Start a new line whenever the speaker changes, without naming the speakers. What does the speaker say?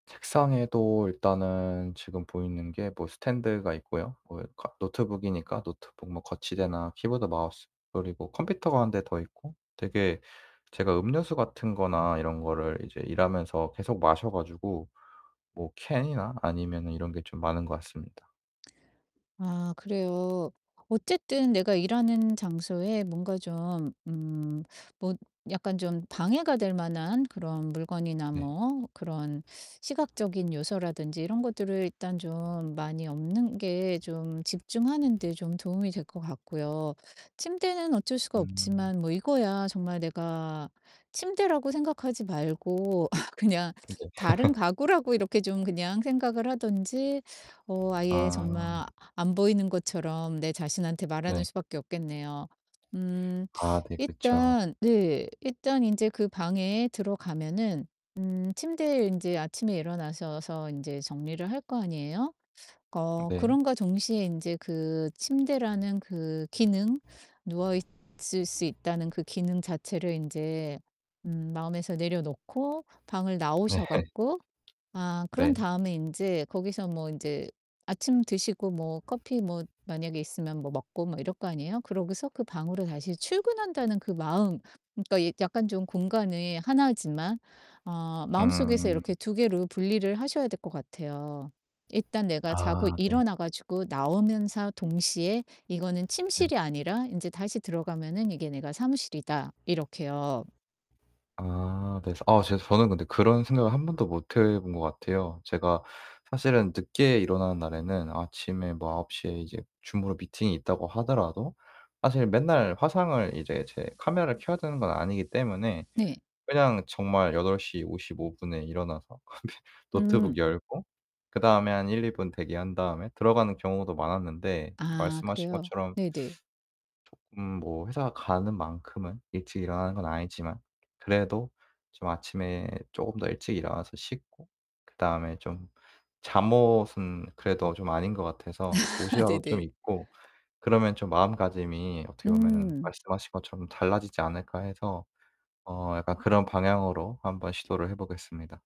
책상에도 일단은 지금 보이는 게 뭐 스탠드가 있고요. 뭐 이 카 노트북이니까 노트북 뭐 거치대나 키보드, 마우스 그리고 컴퓨터가 1 대 더 있고 되게 제가 음료수 같은 거나 이런 거를 이제 일하면서 계속 마셔 가지고 뭐 캔이나 아니면은 이런 게 좀 많은 것 같습니다.
아 그래요. 어쨌든 내가 일하는 장소에 뭔가 좀 음 뭐 약간 좀 방해가 될 만한 그런 물건이나
네.
뭐 그런 시각적인 요소라든지 이런 것들을 일단 좀 많이 없는 게 좀 집중하는 데 좀 도움이 될 것 같고요. 침대는 어쩔 수가
음.
없지만 뭐 이거야 정말 내가 침대라고 생각하지 말고 그냥
음 네.
다른 가구라고 이렇게 좀 그냥 생각을 하든지 어 아예
아.
정말 아 안 보이는 것처럼 내 자신한테 말하는
네.
수밖에 없겠네요. 음
아 네. 그쵸.
일단 네 일단 인제 그 방에 들어가면은 음 침대에 인제 아침에 일어나셔서 인제 정리를 할 거 아니에요? 어
네.
그럼과 동시에 인제 그 침대라는 그 기능 누워 있을 수 있다는 그 기능 자체를 인제 음 마음에서 내려 놓고 방을
네.
나오셔 갖고 아 그런
네.
다음에 인제 거기서 뭐 인제 아침 드시고 뭐 커피 뭐 만약에 있으면 뭐 먹고 막 이럴 거 아니에요. 그러고서 그 방으로 다시 출근한다는 그 마음 그러니까 이 약간 좀 공간이 하나지만 아 마음속에서
음.
이렇게 2 개로 분리를 하셔야 될 것 같아요. 일단 내가 자고
아 네.
일어나 가지고 나오면서 동시에 '이거는
네.
침실이 아니라 인제 다시 들어가면은 이게 내가 사무실이다.' 이렇게요.
아 네 서 어 제 저는 근데 그런 생각을 1 번도 못 해 본 것 같아요. 제가 사실은 늦게 일어나는 날에는 아침에 뭐 9:00 에 이제 줌으로 미팅이 있다고 하더라도 사실 맨날 화상을 이제 제 카메라를 켜야 되는 건 아니기 때문에
네.
그냥 정말 8:55 에 일어나서 어 네
음.
노트북 열고 그 다음에 한 1-2 분 대기한 다음에 들어가는 경우도 많았는데.
아
말씀하신
그래요?
것처럼
네네.
쪼끔 뭐 회사 가는 만큼은 일찍 일어나는 건 아니지만 그래도 좀 아침에 쪼금 더 일찍 일어나서 씻고 그다음에 좀 잠옷은 그래도 좀 아닌 것 같아서 옷이라도 좀
네네.
입고 그러면 좀 마음가짐이 어떻게 보면은
음.
말씀하신 것처럼 '달라지지 않을까.' 해서 어 약간 그런 방향으로 한번 시도를 해 보겠습니다.